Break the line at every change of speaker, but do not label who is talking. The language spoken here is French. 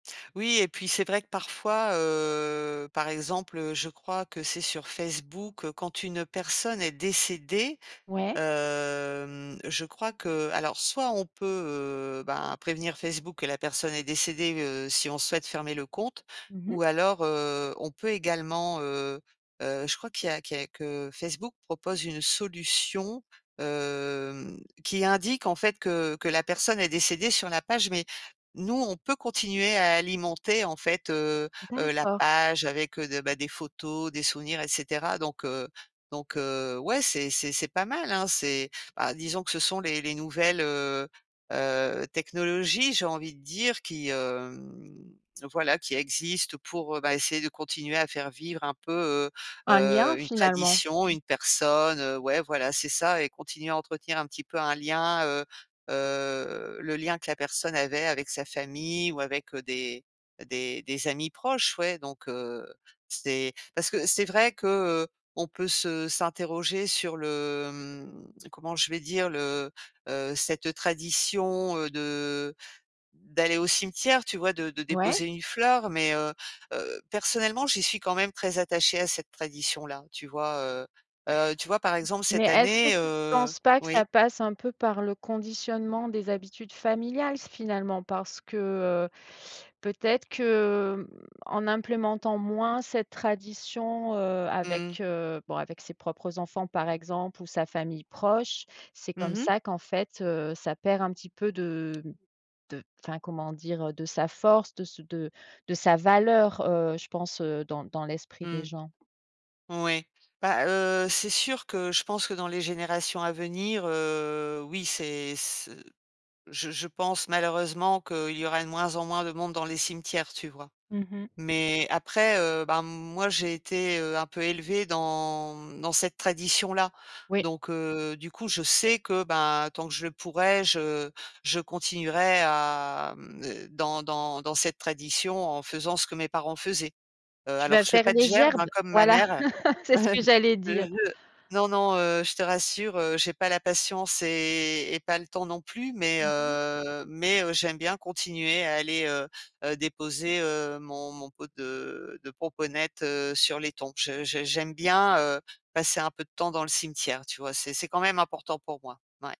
Oui, et puis, c'est vrai que, parfois, heu, par exemple, heu, je crois que c'est sur Facebook, quand une personne est décédée,
Ouais?
hem, je crois qu'alors soit, on peut, heu, bah, prévenir Facebook que la personne est décédée, heu, si on souhaite fermer le compte.
Mmh
Ou
mh.
alors, heu, on peut également, heu heu, je crois qu'il y a qu'il y a que Facebook propose une solution, hem, qui indique, en fait, que que la personne est décédée sur la page. Mais nous, on peut continuer à alimenter, en fait, heu heu, la
D'accord.
page, avec, heu de bah, des photos, des souvenirs, et cetera. Donc, heu, donc, heu, ouais, c'est c'est c'est pas mal, hein? C'est, bah, disons que ce sont les les nouvelles, heu heu, technologies, j'ai envie de dire, qui, hem, voilà, qui existent pour, bah, essayer de continuer à faire vivre un peu, heu
Un lien,
heu, une
finalement?
tradition, une personne. Heu, ouais, voilà, c'est ça. Et continuer à entretenir, un petit peu, un lien heu heu, le lien que la personne avait avec sa famille ou avec des des des amis proches. Ouais, donc, heu, c'est parce que c'est vrai que, heu, on peut se s'interroger sur le, mmh, comment je vais dire, le heu, cette tradition, heu, de d'aller au cimetière, tu vois? De de
Ouais?
déposer une fleur. Mais, heu heu, personnellement, j'y suis quand même très attachée à cette tradition-là, tu vois, heu? Heu, tu vois, par exemple,
Mais,
cette
est-ce que
année,
tu
heu
penses pas que
oui?
ça passe un peu par le conditionnement des habitudes familiales, finalement? Parce que, heu, peut-être que, mmh, en implémentant moins cette tradition, heu-
Mmh.
avec, heu, bon, avec ses propres enfants, par exemple, ou sa famille proche, c'est
Mmh
comme
mh.
ça qu'en fait, heu, ça perd un petit peu de de enfin, comment dire, de sa force, de ce de de sa valeur, heu, je pense, heu, dans dans l'esprit
Mmh.
des gens.
Moui. Bah, heu, c'est sûr que je pense que dans les générations à venir, heu, oui, c'est, ce je je pense, malheureusement, qu’il y aura de moins en moins de monde dans les cimetières, tu vois?
Mmh mh.
Mais, après, heu, bah, moi, j'ai été, heu, un peu élevée dans, mmh, dans cette tradition-là.
Oui.
Donc, heu, du coup, je sais que, bah, tant que je le pourrai, je je continuerai à, hem, d dans dans dans cette tradition, en faisant ce que mes parents faisaient. Heu,
Tu
alors,
vas
je fais
faire
pas de
les
gerbe, hein,
gerbes?
comme ma
Voilà,
mère.
c'est ce que j'allais
Heu
dire!
heu, non, non, heu, je te rassure, heu, j'ai pas la patience et et pas le temps non plus. Mais,
Mmh mh.
heu, mais, heu, j'aime bien continuer à aller, heu heu, déposer, heu, mon mon pot de de pomponette sur les tombes. Je je j'aime bien, heu, passer un peu de temps dans le cimetière, tu vois? C'est c'est quand même important pour moi. Mouais.